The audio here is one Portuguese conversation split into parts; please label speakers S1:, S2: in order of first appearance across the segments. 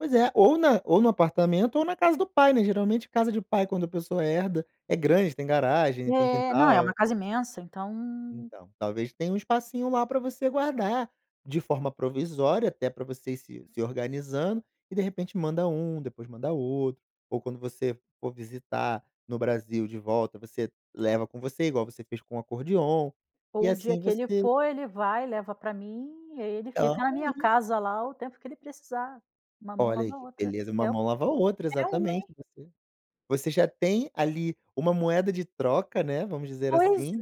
S1: Pois é, ou na ou no apartamento ou na casa do pai, né. Geralmente casa de pai quando a pessoa herda é grande, tem garagem, tem
S2: É, não, é uma
S1: quintal.
S2: casa imensa, então.
S1: Então, talvez tenha um espacinho lá pra você guardar de forma provisória, até pra você ir se se organizando e de repente manda um, depois manda outro. Ou quando você for visitar no Brasil de volta você leva com você, igual você fez com o acordeão e
S2: Ou o dia
S1: assim
S2: que ele
S1: você
S2: for ele vai leva pra mim e aí ele fica na minha
S1: [unintelligible]
S2: casa lá o tempo que ele precisar, uma mão
S1: Olha
S2: lava
S1: aí
S2: na
S1: que
S2: outra.
S1: beleza,
S2: É,
S1: uma
S2: é o
S1: mão lava a outra, exatamente.
S2: [unintelligible]
S1: E você, você já tem ali uma moeda de troca, né, vamos dizer
S2: Pois
S1: assim.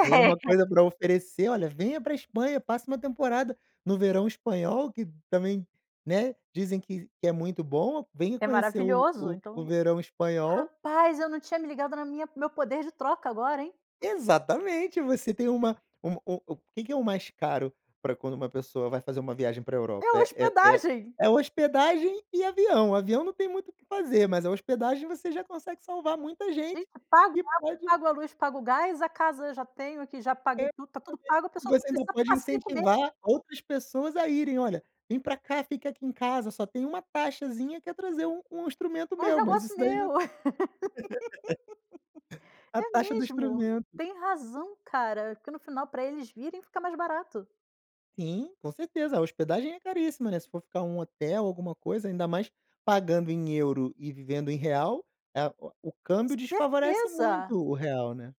S1: Tem uma coisa pra oferecer, "Olha, venha pra Espanha, passa uma temporada no verão espanhol que também, né, dizem que que é muito bom, venha
S2: É
S1: conhecer o
S2: maravilhoso
S1: o o
S2: então
S1: verão espanhol".
S2: rapaz, eu não tinha me ligado na minha no meu poder de troca agora, hein?
S1: Exatamente, você tem uma um u u o que que é o mais caro pra quando uma pessoa vai fazer uma viagem pra
S2: É
S1: Europa? É a é a é a
S2: hospedagem.
S1: é a hospedagem e avião. Avião não tem muito o que fazer, mas a hospedagem você já consegue salvar muita
S2: Gente,
S1: gente
S2: pago
S1: que
S2: água,
S1: pode
S2: pago a luz, pago o gás, a casa eu já tenho aqui, já paguei tudo, tá tudo pago, a
S1: [unintelligible] e
S2: pessoa só
S1: você ainda
S2: precisa
S1: pode
S2: passe e comer.
S1: incentivar outras pessoas a irem, "Olha, vem pra cá fica aqui em casa só tem uma taxazinha que é trazer um um instrumento
S2: Uns
S1: meu", mas
S2: negócio
S1: isso daí [unintelligible]
S2: meu.
S1: A
S2: É
S1: taxa do
S2: mesmo,
S1: instrumento.
S2: tem razão, cara, porque no final pra eles virem fica mais barato.
S1: Sim, com certeza, a hospedagem é caríssima, né. Se for ficar um hotel, alguma coisa, ainda mais pagando em euro e vivendo em real, é o o câmbio desfavorece
S2: Certeza.
S1: muito o real, né.